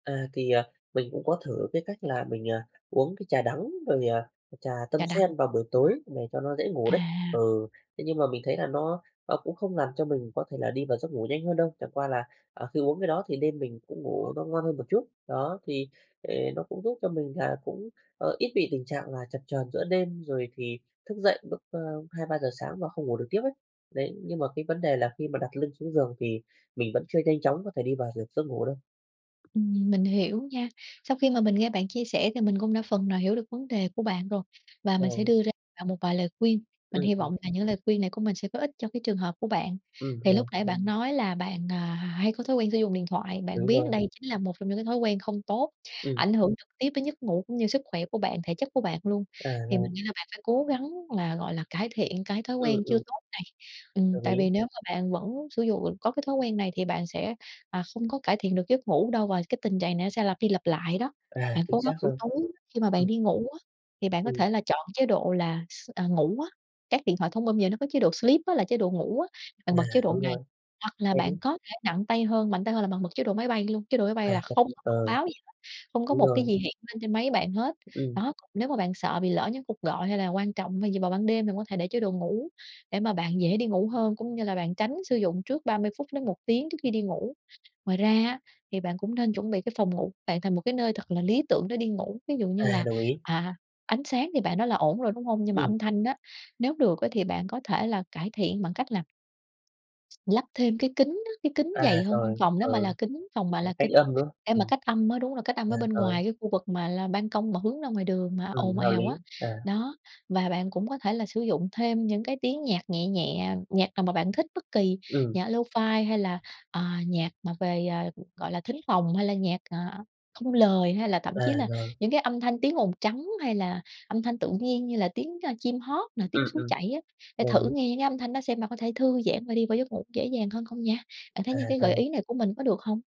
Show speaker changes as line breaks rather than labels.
À. Thì, à, mình cũng có thử cái cách là mình, à, uống cái trà đắng rồi, à, trà tâm
Trà đắng.
sen vào buổi tối để cho nó dễ ngủ
À.
đấy. Ừ, thế nhưng mà mình thấy là nó nó cũng không làm cho mình có thể là đi vào giấc ngủ nhanh hơn đâu, chẳng qua là, à, khi uống cái đó thì đêm mình cũng ngủ nó ngon hơn một chút. Đó, thì ề nó cũng giúp cho mình là cũng, ờ, ít bị tình trạng là chập chờn giữa đêm, rồi thì thức dậy lúc, ơ, 2-3 giờ sáng và không ngủ được tiếp ấy. Đấy, nhưng mà cái vấn đề là khi mà đặt lưng xuống giường thì mình vẫn chưa nhanh chóng có thể đi vào dược giấc ngủ đâu.
Ừm, mình hiểu nha. Sau khi mà mình nghe bạn chia sẻ thì mình cũng đã phần nào hiểu được vấn đề của bạn rồi, và mình sẽ
Ờ.
đưa ra bạn một vài lời khuyên, mình
Ừm,
hy
ừm.
vọng là những lời khuyên này của mình sẽ có ích cho cái trường hợp của bạn.
Ừm,
Thì lúc
rồi.
nãy bạn nói là bạn, à, h hay có thói quen sử dụng điện thoại, bạn
Đúng
biết
rồi.
đây chính là một trong những cái thói quen không tốt,
Ừm.
ảnh hưởng trực tiếp đến giấc ngủ cũng như sức khỏe của bạn, thể chất của bạn luôn,
À,
thì
vâng.
mình nghĩ là bạn phải cố gắng là, gọi là, cải thiện cái thói
Ừm,
quen chưa
ừm.
tốt này. Ừm,
Đồng
tại
ý.
vì nếu mà bạn vẫn sử dụ có cái thói quen này thì bạn sẽ, à, không có cải thiện được giấc ngủ đâu, và cái tình trạng này nó sẽ lặp đi lặp lại đó.
À,
Bạn
chính
cố gắng
xác
buổi
rồi.
tối khi mà bạn
Ừm.
đi ngủ á, thì bạn có
Ừm.
thể là chọn chế độ là s à, ngủ á, các điện thoại thông minh giờ nó có chế độ sleep á, là chế độ ngủ á, bạn
À,
bật chế độ
đúng
này.
rồi,
Hoặc là
vậy đi.
bạn có thể nặng tay hơn, mạnh tay hơn là bạn bật chế độ máy bay luôn, chế độ máy bay
À,
là
chắc
không có thông
ờ,
báo gì hết, không có
đúng
một cái
rồi.
gì hiện lên trên máy bạn hết.
Ừm.
Đó, còn nếu mà bạn sợ bị lỡ những cuộc gọi hay là quan trọng hay gì vào ban đêm thì có thể để chế đồ ngủ để mà bạn dễ đi ngủ hơn, cũng như là bạn tránh sử dụng trước 30 phút đến 1 tiếng trước khi đi ngủ. Ngoài ra á thì bạn cũng nên chuẩn bị cái phòng ngủ bạn thành một cái nơi thật là lý tưởng để đi ngủ, ví dụ như
À,
là,
đồng ý.
à, ánh sáng thì bạn nói là ổn rồi, đúng hông? Nhưng mà
Ừm.
âm thanh á, nếu được ấy thì bạn có thể là cải thiện bằng cách làm lắp thêm cái kính á, cái kính
À,
dày hơn,
rồi.
phòng nó mà là
Ừ,
kính phòng mà
ấy,
là
cách
kính,
âm, đúng không?
để mà
Ừm.
cách âm á. Đúng rồi, cách âm
À,
ở bên
rồi.
ngoài cái khu vực mà là ban công mà hướng ra ngoài đường mà
Ừm,
ồn
hợp
ào á.
lý. À.
Đó, và bạn cũng có thể là sử dụng thêm những cái tiếng nhạc nhẹ nhẹ, nhạc nào mà bạn thích, bất kỳ,
Ừm.
nhạc lofi hay là, à, nhạc mà về, à, gọi là, thính phòng hay là nhạc, à, không lời, hay là thậm
À,
chí là
rồi.
những cái âm thanh tiếng ồn trắng, hay là âm thanh tự nhiên như là tiếng, a, chim hót nè,
Ừm,
tiếng suối
ừm,
chảy á, để
đồng
thử
ý.
nghe những cái âm thanh đó xem bạn có thể thư giãn và đi vào giấc ngủ dễ dàng hơn không nha. Bạn thấy
À,
những cái gợi
rồi.
ý này của mình có được hông?